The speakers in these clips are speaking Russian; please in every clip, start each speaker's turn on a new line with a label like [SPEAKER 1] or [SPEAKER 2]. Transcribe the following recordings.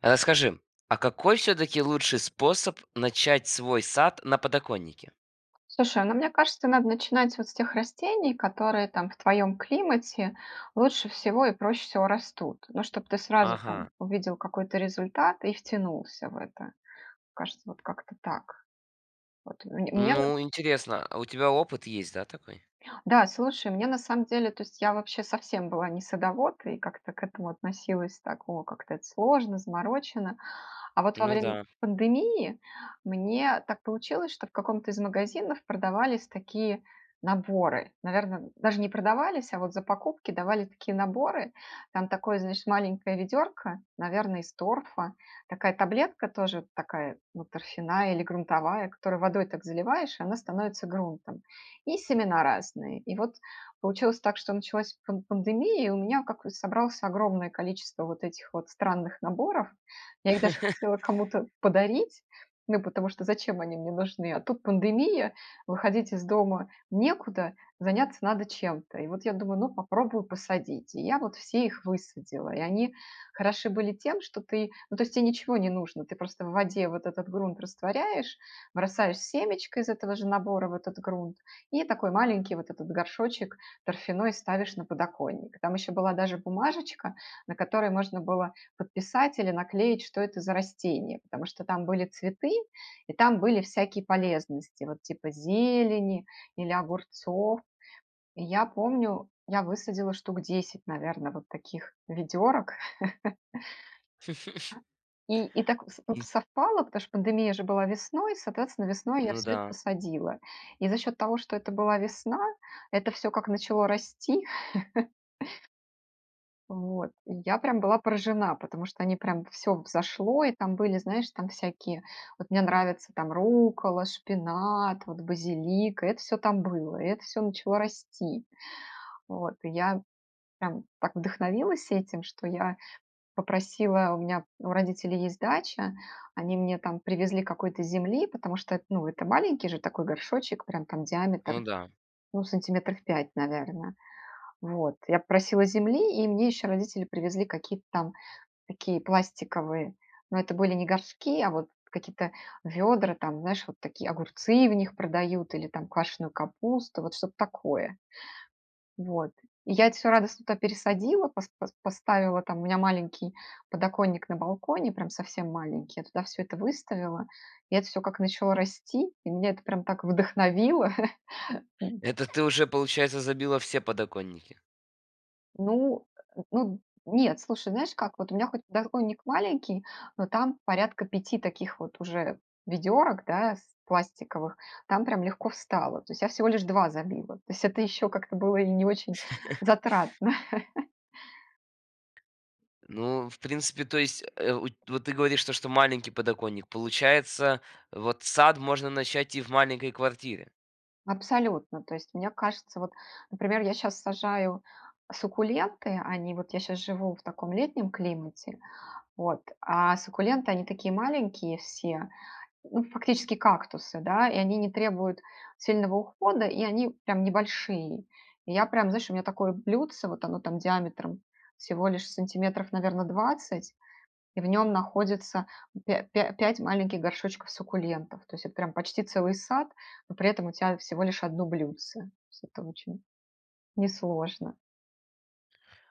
[SPEAKER 1] А расскажи, а какой всё-таки лучший способ начать свой сад на подоконнике?
[SPEAKER 2] Слушай, ну мне кажется, надо начинать вот с тех растений, которые там, в твоем климате лучше всего и проще всего растут. Ну чтоб ты сразу там
[SPEAKER 1] Ага.
[SPEAKER 2] увидел какой-то результат и втянулся в это. Кажется, вот как-то так. Вот мн мне на
[SPEAKER 1] Ну интересно, а у тебя опыт есть, да, такой?
[SPEAKER 2] Да, слушай, мне на самом деле то есть я вообще совсем была не садовод, и как-то к этому относилась так: "О, как-то это сложно, заморочено". А вот во
[SPEAKER 1] Ну
[SPEAKER 2] время
[SPEAKER 1] да.
[SPEAKER 2] пандемии мне так получилось, что в каком-то из магазинов продавались такие наборы. Наверно, н даже не продавались, а вот за покупки давали такие наборы. Там такое, значит, маленькое ведерко, наверное, из торфа, такая таблетка, тоже такая, ну, торфяная или грунтовая, которую водой так заливаешь, и она становится грунтом. И семена разные. И вот получилось так, что началась пан пандемия, и у меня как вот собралось огромное количество вот этих вот странных наборов. Я их даже хотела кому-то подарить, ну потому что зачем они мне нужны, а тут пандемия, выходить из дома некуда, заняться надо чем-то. И вот я думаю: ну, попробую посадить. И я вот все их высадила. И они хороши были тем, что ты ну, то есть тебе ничего не нужно, ты просто в воде вот этот грунт растворяешь, бросаешь семечко из этого же набора в этот грунт и такой маленький вот этот горшочек торфяной ставишь на подоконник. Там еще была даже бумажечка, на которой можно было подписать или наклеить, что это за растение, потому что там были цветы, и там были всякие полезности, вот типа зелени или огурцов. И я помню, я высадила штук 10, наверно, вот таких ведерок. И и так соп ут совпало, потому что пандемия же была весной, соответственно, весной я
[SPEAKER 1] Ну
[SPEAKER 2] всё это
[SPEAKER 1] да.
[SPEAKER 2] посадила. И за счет того, что это была весна, это всё как начало расти. Вот. И я прям была поражена, потому что они прям всё взошло и там были знаешь там всякие, вот мне нравятся там руккола, шпинат, вот базилик- и это всё там было, и это всё начало расти. Вот. И я прям так вдохновилась этим, что я попросила у меня у родителей есть дача, они мне там привезли какой-то земли, потому что эт ну это маленький же такой горшочек, прям там диаметр,
[SPEAKER 1] Ну да.
[SPEAKER 2] ну сантиметров 5, наверное. Вот, я попросила земли, и мне еще родители привезли какие-то там такие пластиковые, ну это были не горшки, а вот какие-то ведра, там, знаешь, вот такие, огурцы в них продают или там квашеную капусту, вот что-то такое. Вот. И я это всё радостно туда пересадила, пос пос поставила там у меня маленький подоконник на балконе, прям совсем маленький. Я туда всё это выставила, и это всё как начало расти, и меня это прям так вдохновило. М.
[SPEAKER 1] Это ты уже, получается, забила все подоконники?
[SPEAKER 2] Ну э, ну нет, слушай, знаешь как? Вот у меня хоть подоконник маленький, но там порядка 5 таких вот уже ведерок, да, с пластиковых, там прям легко встало. То есть я всего лишь 2 забила. То есть это еще как-то было и не очень затратно.
[SPEAKER 1] Ну, в принципе, то есть уть вот ты говоришь то, что маленький подоконник. Получается, вот сад можно начать и в маленькой квартире?
[SPEAKER 2] Абсолютно! То есть мне кажется вот, например, я щас сажаю суккуленты, они вот я щас живу в таком летнем климате, вот, а суккуленты- они такие маленькие все, ну, фактически кактусы, да, и они не требуют сильного ухода, и они прям небольшие. И я прям, знаешь, у меня такое блюдце, вот оно там диаметром всего лишь сантиметров, наверно, 20, и в нём находится пя пя пять маленьких горшочков суккулентов. То есть это прям почти целый сад, но при этом у тя всего лишь 1 блюдце. То есть это очень несложно.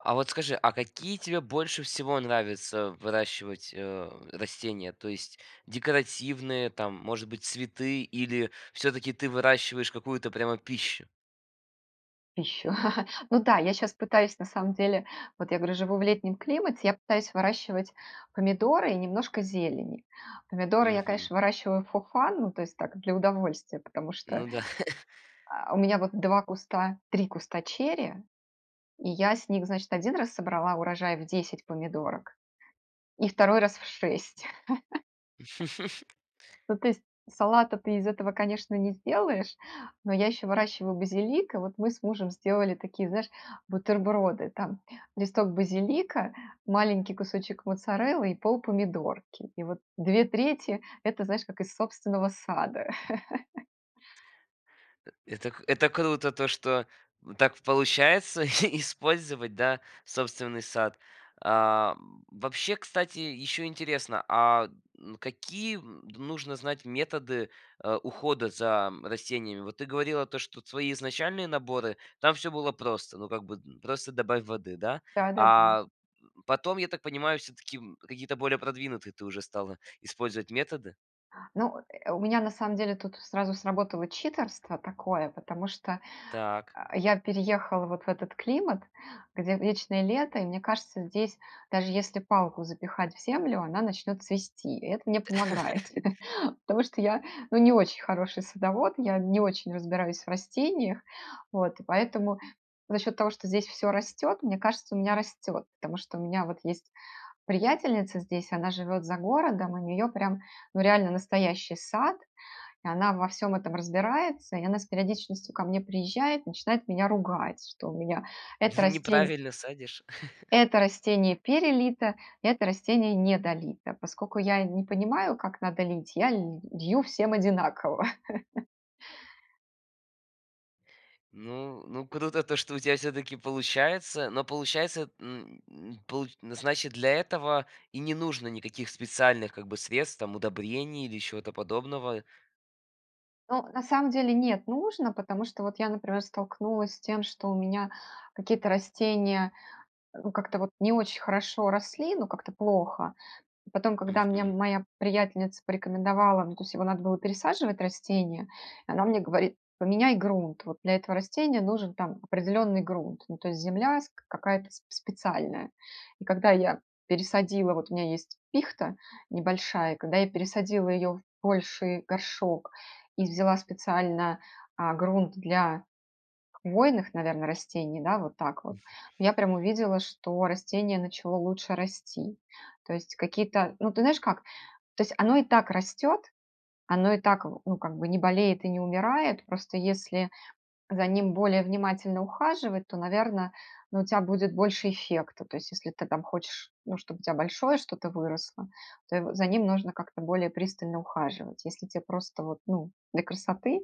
[SPEAKER 1] А вот скажи, а какие тебе больше всего нравится выращивать, а, растения? То есть декоративные там, может быть, цветы или всё-таки ты выращиваешь какую-то прямо пищу?
[SPEAKER 2] Пищу. Ну да, я щас пытаюсь, на самом деле Вот я говорю, живу в летнем климате. Я пытаюсь выращивать помидоры и немножко зелени. Помидоры я,
[SPEAKER 1] Мгм.
[SPEAKER 2] конечно, выращиваю for fun, ну, то есть так, для удовольствия, потому что,
[SPEAKER 1] Ну да.
[SPEAKER 2] а, у меня вот 2 куста 3 куста черри, и я с них, значит, 1 раз собрала урожай в 10 помидорок, и 2 раз- в 6. Ну то есть салата ты из этого, конечно, не сделаешь, но я еще выращиваю базилик, и вот мы с мужем сделали такие, знаешь, бутерброды. Там листок базилика, маленький кусочек моцареллы и полпомидорки. И вот 2/3- это, знаешь, как из собственного сада.
[SPEAKER 1] Э это к это круто, то что в так получается и использовать, да, собственный сад. А, вообще, кстати, еще интересно, а н какие д нужно знать методы, а, ухода за, м, растениями? Вот ты говорила то, что твои изначальные наборы- там всё было просто, ну, как бы д просто добавь воды, да?
[SPEAKER 2] Да-да-да.
[SPEAKER 1] А потом, я так понимаю, всё-таки, м, какие-то более продвинутые ты уже стала использовать методы?
[SPEAKER 2] Ну, э, у меня, на самом деле, тут сразу сработало читерство такое, потому что,
[SPEAKER 1] Так.
[SPEAKER 2] а, я переехала вот в этот климат, где вечное лето, и мне кажется, здесь даже если палку запихать в землю- она начнет цвести. И это мне помогает, потому что я, ну, не очень хороший садовод, я не очень разбираюсь в растениях. Вот, и поэтому за счет того, что здесь всё растет, мне кажется, у меня растет. Потому что у меня вот есть приятельница здесь, она живет за городом, у неё прям, ну, реально настоящий сад, и она во всём этом разбирается, и она с периодичностью ко мне приезжает, начинает меня ругать, что у меня это растень
[SPEAKER 1] Неправильно садишь?
[SPEAKER 2] это растение перелито, это растение недолито. Поскольку я и не понимаю, как надо лить, я ль лью всем одинаково.
[SPEAKER 1] Ну ну круто то, что у тя всё-таки получается, но получается, н н получ значит, для этого и не нужно никаких специальных как бы средств, там удобрений или чего-то подобного.
[SPEAKER 2] Ну, на сам деле, нет- нужно. Потому что вот я, например, столкнулась с тем, что у меня какие-то растения, э, ну, как-то вот не очень хорошо росли, ну, как-то плохо. Потом, когда мне
[SPEAKER 1] Мгм.
[SPEAKER 2] моя приятельница порекомендовала Ну, то есть его надо было пересаживать- растение. И она мне говорит: "Поменяй грунт". Вот для этого растения нужен там определенный грунт, ну, то есть земля с к какая-то сп специальная. И когда я пересадила Вот у меня есть пихта небольшая, когда я пересадила ее в больший горшок и взяла специально, а, грунт для хвойных, наверно, растений, да, вот так вот, ну я прям увидела, что растение начало лучше расти. То есть какие-то Ну ты знаешь как, то есть оно и так растет, оно и так в ну, как бы, не болеет и не умирает, просто если за ним более внимательно ухаживать, то, наверно, ну, у тя будет больше эффекта. То есть если ты там хочешь, ну, чтобы у тя большое что-то выросло, то его за ним нужно как-то более пристально ухаживать. Если те просто вот, ну, для красоты,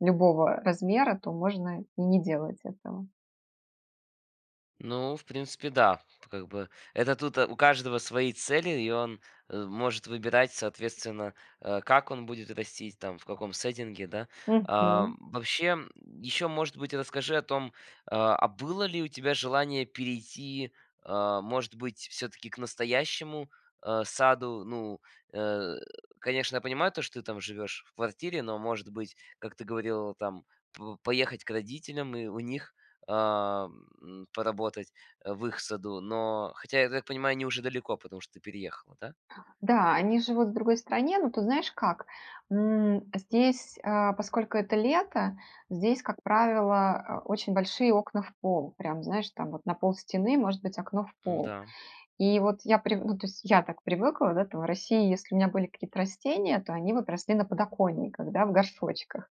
[SPEAKER 2] любого размера, то можно и не делать этого.
[SPEAKER 1] Ну, в принципе, да. Тут как бы это тут, а, у каждого свои цели, и он, э, может выбирать, соответственно, э, как он будет растить, там в каком сеттинге, да. А,
[SPEAKER 2] Мгм.
[SPEAKER 1] м, вообще, м, ещё, может быть, расскажи о том, а, а было ли у тебя желание перейти, а, может быть, всё-таки к настоящему, а, саду. Ну, э, конечно, я понимаю, что ты там живешь в квартире, но может быть, как ты говорила там, п поехать к родителям и у них, а, м, поработать, э, в их саду. Но хотя, я так понимаю, они уже далеко, потому что ты переехала, да?
[SPEAKER 2] Да, они живут в другой стране, но тут знаешь как? М, здесь, а, поскольку это лето, здесь, как правило, э, очень большие окна в пол. Прям, знаешь, там вот на полстены может быть окно в пол.
[SPEAKER 1] М-да.
[SPEAKER 2] И вот я прив ну то есть я так привыкла, да, там в России, если у меня были какие-то растения, то они вот росли на подоконниках, да, в горшочках.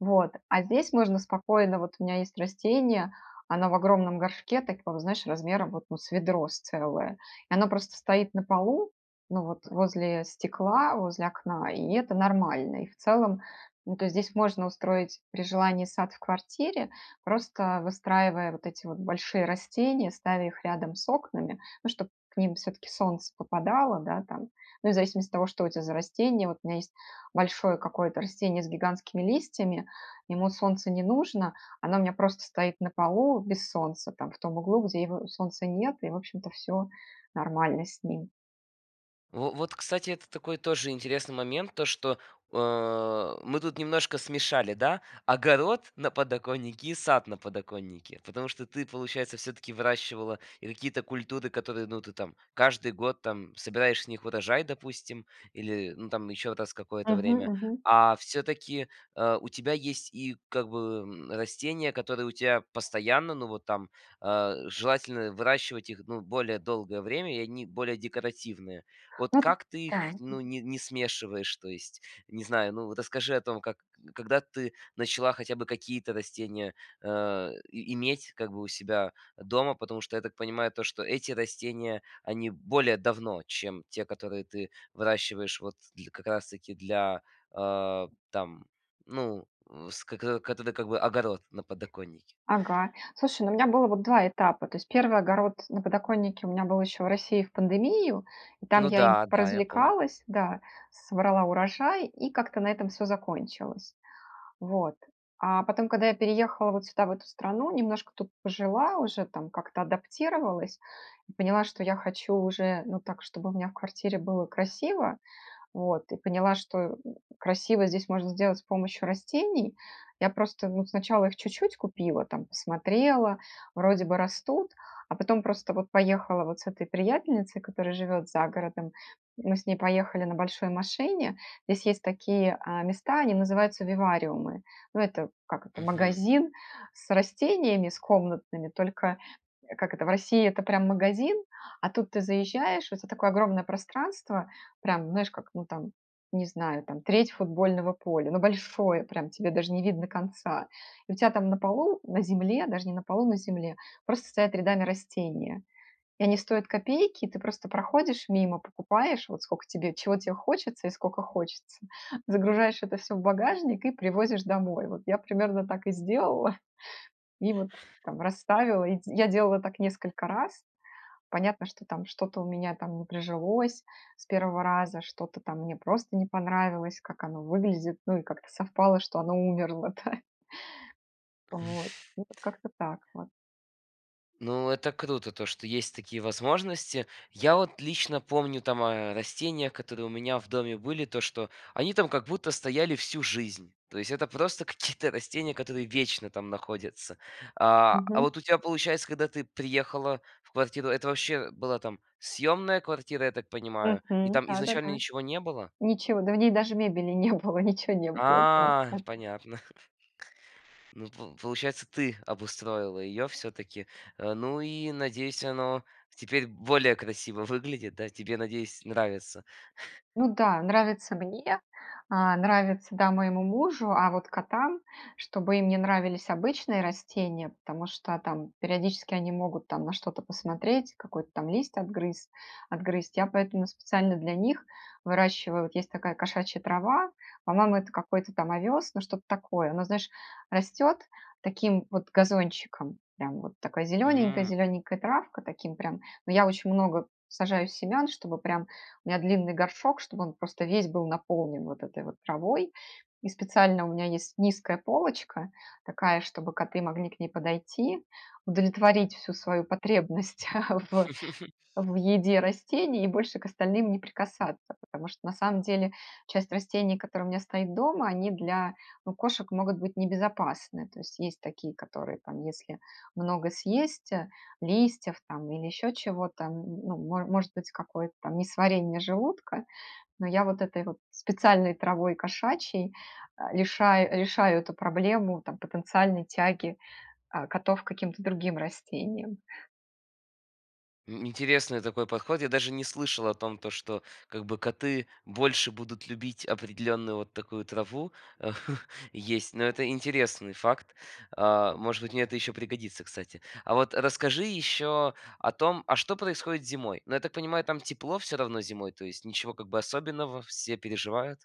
[SPEAKER 2] Вот. А здесь можно спокойно Вот у меня есть растение, оно в огромном горшке, такого знаешь, размером вот ну с ведро с целое, и оно просто стоит на полу, ну вот, возле стекла, возле окна и это нормально. И в целом, ну, то есть здесь можно устроить при желании сад в квартире, просто выстраивая вот эти вот большие растения, ставя их рядом с окнами, ну чтоб к ним все-таки солнце попадало, да, там. Ну и в зависимости от того, что у тя за растение. Вот у меня есть большое какое-то растение с гигантскими листьями, ему солнце не нужно, оно у меня просто стоит на полу без солнца там, в том углу, где его солнца нет и в общем-то всё нормально с ним.
[SPEAKER 1] Во вот, кстати, это такой тоже интересный момент то, что, э, мы тут немножко смешали, да, огород на подоконнике, и сад на подоконнике. Потому что ты, получается, всё-таки выращивала и какие-то культуры, которые, ну, ты там каждый год там собираешь с них урожай, допустим или ну там еще раз какое-то
[SPEAKER 2] Мгм
[SPEAKER 1] время.
[SPEAKER 2] мгм.
[SPEAKER 1] А все-таки, э, у тебя есть и как бы, м, растения, которые у тебя постоянно, ну, вот там, э, желательно выращивать их, ну, более долгое время и они более декоративные. Вот
[SPEAKER 2] Ну д
[SPEAKER 1] как ты
[SPEAKER 2] да,
[SPEAKER 1] их, ну,
[SPEAKER 2] мгм.
[SPEAKER 1] не не смешиваешь то есть? Не знаю, ну, расскажи о том, как к когда ты начала хотя бы какие-то растения, э, и иметь как бы у себя дома, потому что я так понимаю то, что эти растения они более давно, чем те, которые ты выращиваешь вот дл как раз таки для, а, там ну вск к к как бы огород на подоконнике.
[SPEAKER 2] Ага. Слушай, ну у меня было вот 2 этапа. То есть 1 огород на подоконнике у меня был еще в России в пандемию, и там
[SPEAKER 1] Ну
[SPEAKER 2] я им
[SPEAKER 1] да, да, я помню.
[SPEAKER 2] поразвлекалась, да, с собрала урожай и как-то на этом всё закончилось. Вот. А потом, когда я переехала вот сюда в эту страну, немножко тут пожила уже, там как-то адаптировалась, и поняла, что я хочу уже, ну так, чтобы у меня в квартире было красиво, вот. И поняла, что, м, красиво здесь можно сделать с помощью растений. Я просто, ну, сначала их чуть-чуть купила, там посмотрела, вроде бы растут, а потом просто вот поехала вот с этой приятельницей, которая живет за городом. Мы с ней поехали на большой машине, здесь есть такие, а, места, они называются вивариумы. Ну это, как это,
[SPEAKER 1] Мгм.
[SPEAKER 2] магазин с растениями с комнатными, только, э, как это, в России- это прям магазин, а тут ты заезжаешь, в это такое огромное пространство, прям знаешь, как, ну там, не знаю, там треть футбольного поля. Ну большое прям, тебе даже не видно конца. И у тя там на полу, на земле, даже не на полу, на земле, просто стоят рядами растения, и они стоят копейки. Ты просто проходишь мимо, покупаешь вот скока тебе чего тебе хочется и скока хочется, загружаешь это всё в багажник, и привозишь домой. Вот я примерно так и сделала, и вот там расставила. И д я делала так несколько раз. Понятно, что там что-то у меня там не прижилось с 1 раза, что-то там мне просто не понравилось, как оно выглядит, ну и как-то совпало что оно умерло, да. Вот, ну вот как-то так вот.
[SPEAKER 1] Ну это круто- то, что есть такие возможности. Я вот лично помню там о растениях, которые у меня в доме были, то, что они там как будто стояли всю жизнь, то есть это просто какие-то растения, которые вечно там находятся. А, а
[SPEAKER 2] Мгм.
[SPEAKER 1] вот у тебя, получается, когда ты приехала в квартиру, это вообще была там съёмная квартира, я так понимаю, и
[SPEAKER 2] Мгм,
[SPEAKER 1] там изначально
[SPEAKER 2] да-да-да.
[SPEAKER 1] ничего не было?
[SPEAKER 2] Ничего, да в ней даже мебели не было, ничего не было, да,
[SPEAKER 1] А,
[SPEAKER 2] да-да.
[SPEAKER 1] понятно. Ну по получается, ты обустроила её, всё-таки. Э, ну и, надеюсь, оно теперь более красиво выглядит, да? Тебе, надеюсь, нравится.
[SPEAKER 2] Ну да, нравится мне, э, нравится, да, моему мужу, а вот котам чтобы им не нравились обычные растения, потому что там периодически они могут там на что-то посмотреть, какой-то там лист отгрыз отгрызть. Я поэтому специально для них выращиваю вот есть такая кошачья трава, по-моему это какой-то там овёс, ну что-то такое. Оно, знаешь, растет таким вот газончиком, прям вот такой зелененькой
[SPEAKER 1] М.
[SPEAKER 2] зелененькой травкой, таким прям. Но я очень много сажаю семян, чтобы прям у меня длинный горшок, чтобы он просто весь был наполнен вот этой вот травой. И специально у меня есть низкая полочка такая, чтобы коты могли к ней подойти, удовлетворить всю свою потребность в в еде растений, и больше к остальным не прикасаться. Потому что, на самом деле, часть растений, которая у меня стоит дома, они для, ну, кошек могут быть небезопасны. То есть есть такие, которые там, если много съесть, э, листьев там, или еще чего-то, н ну мо может быть какое-то там несварение желудка, но я вот этой вот специальной травой кошачьей, а, лиша решаю эту проблему там потенциальной тяги, э, котов к каким-то другим растениям.
[SPEAKER 1] М, интересный такой подход. Я даже не слышал о том, то, что как бы, коты больше будут любить определенную вот такую траву, есть. Но это интересный факт. А, может быть, мне это еще пригодится, кстати. А вот расскажи еще о том, а что происходит зимой? Ну, я так понимаю, там тепло всё равно зимой, то есть ничего как бы особенного, все переживают.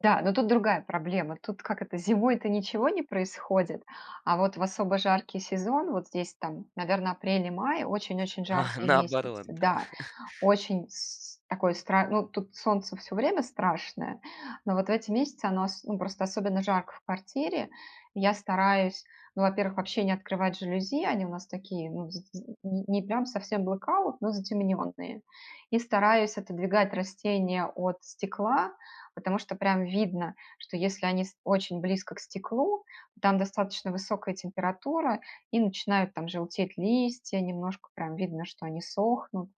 [SPEAKER 2] Да, но тут другая проблема. Тут как это: зимой-то ничего не происходит, а вот в особо жаркий сезон, вот здесь там, наверно, апрель и май, очень-очень
[SPEAKER 1] А
[SPEAKER 2] жаркие
[SPEAKER 1] наоборот,
[SPEAKER 2] месяцы.
[SPEAKER 1] да.
[SPEAKER 2] Да, очень с с такой стра Ну, тут солнце всё время страшное, но вот в эти месяцы оно ос ну, просто особенно жарко в квартире. И я стараюсь, ну, во-первых, вообще не открывать жалюзи- они у нас такие, ну, з з не не прям совсем blackout, но затемненные. И стараюсь отодвигать растения от стекла, потому что прям видно, что если они ст очень близко к стеклу, то там достаточно высокая температура, и начинают там желтеть листья, немножко прям видно, что они сохнут.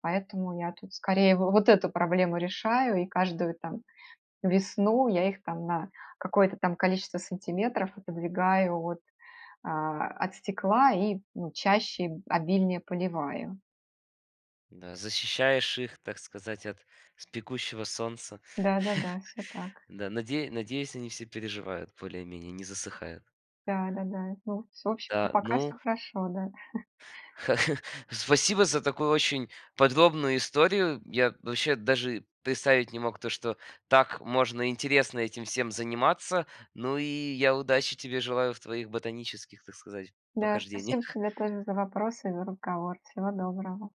[SPEAKER 2] Поэтому я тут скорее в в вот эту проблему решаю и каждую там весну я их там на какое-то там количество сантиметров отодвигаю от, а, от стекла и, ну, чаще, обильнее поливаю.
[SPEAKER 1] Да, защищаешь их, так сказать, от с пекущего солнца.
[SPEAKER 2] Да-да-да, всё так.
[SPEAKER 1] Да, наде надеюсь, они все переживают более-менее, не засыхают.
[SPEAKER 2] Да-да-да. Ну, с в общем-то
[SPEAKER 1] Да,
[SPEAKER 2] пока
[SPEAKER 1] ну
[SPEAKER 2] всё хорошо. Да.
[SPEAKER 1] Спасибо за такую очень подробную историю. Я вообще даже представить не мог то, что так можно интересно этим всем заниматься. Ну и я удачи тебе желаю в твоих ботанических, так сказать,
[SPEAKER 2] Да, спасибо
[SPEAKER 1] похождениях.
[SPEAKER 2] тебе тоже за вопросы и за разговор. Всего доброго.